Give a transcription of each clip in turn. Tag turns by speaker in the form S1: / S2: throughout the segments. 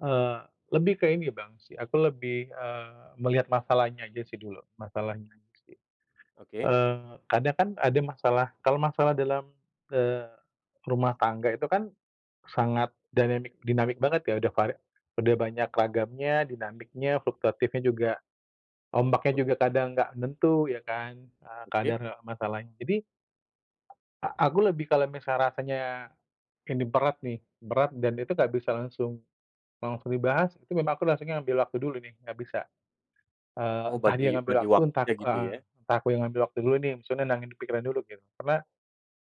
S1: Eee, lebih ke ini Bang sih, aku lebih, eee, melihat masalahnya aja sih dulu, masalahnya aja sih.
S2: Oke.
S1: Eee, kadang kan ada masalah kalau masalah dalam ke rumah tangga itu kan sangat dynamic dinamik banget ya, udah kuare udah banyak ragamnya, dinamiknya, fluktuatifnya juga, ombaknya
S2: Ok
S1: juga kadang nggak menentu ya kan, eee,
S2: Oke.
S1: kadar masalahnya, jadi, a aku lebih kalau misal rasanya ini berat nih, berat dan itu nggak bisa langsung langsung dibahas, itu memang aku langsungnya ngambil waktu dulu nih, nggak bisa. Eee,
S2: Oh
S1: entah dia
S2: bagi
S1: ngambil
S2: bagi
S1: waktu, entah
S2: waktunya
S1: ku
S2: gitu
S1: eee,
S2: ya.
S1: entah aku yang ngambil waktu dulu nih, maksudnya nenangin pikiran dulu gitu. Karena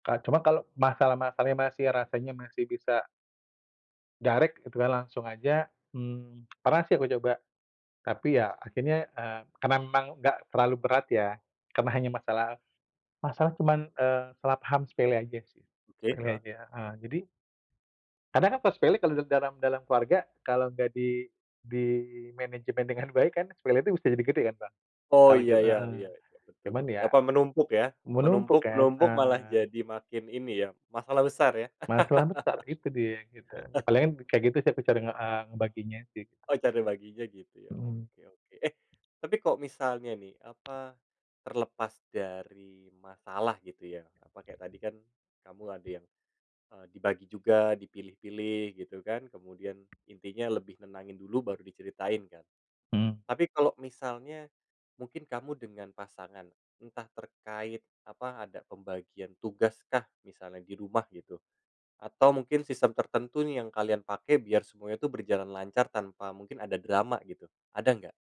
S1: ka cuma kalau masalah-masalahnya masih rasanya masih bisa direct gitu kan, langsung aja, mmm, pernah sih aku coba, tapi ya akhirnya, eee, karena memang enggak terlalu berat ya, karena hanya masalah masalah cuman, eee, selah paham sepele aja sih,
S2: Oke.
S1: sepele
S2: Heeh.
S1: aja, heeh, jadi kadang kan kalo sepele kalo dalam dalam keluarga, kalau nggak di dimanajemen dengan baik kan sepele itu bisa jadi gede kan Bang,
S2: Oh
S1: kalo kit
S2: ya ya
S1: heeh,
S2: ya, ya betul
S1: cuman
S2: betul.
S1: ya,
S2: Apa menumpuk ya?
S1: menumpuk
S2: Menumpuk
S1: kan,
S2: menumpuk malah
S1: eh.
S2: jadi makin ini ya, masalah besar ya?
S1: Masalah besar, itu dia gitu. Ya palingan kayak gitu sih aku cara nge eee, ngebaginya sih.
S2: Oh cara baginya gitu, ya
S1: Mhm.
S2: oke oke. Eh tapi kalo misalnya nih apa, terlepas dari masalah gitu ya, apa, kayak tadi kan kamu ada yang, eee, dibagi juga, dipilih-pilih gitu kan, kemudian intinya lebih nenangin dulu baru diceritain kan.
S1: Mhm.
S2: Tapi kalau misalnya mungkin kamu dengan pasangan, entah terkait apa, ada pembagian tugas kah misalnya di rumah gitu atau mungkin sistem tertentu nih yang kalian pakai biar semuanya tuh berjalan lancar tanpa mungkin ada drama gitu, ada nggak?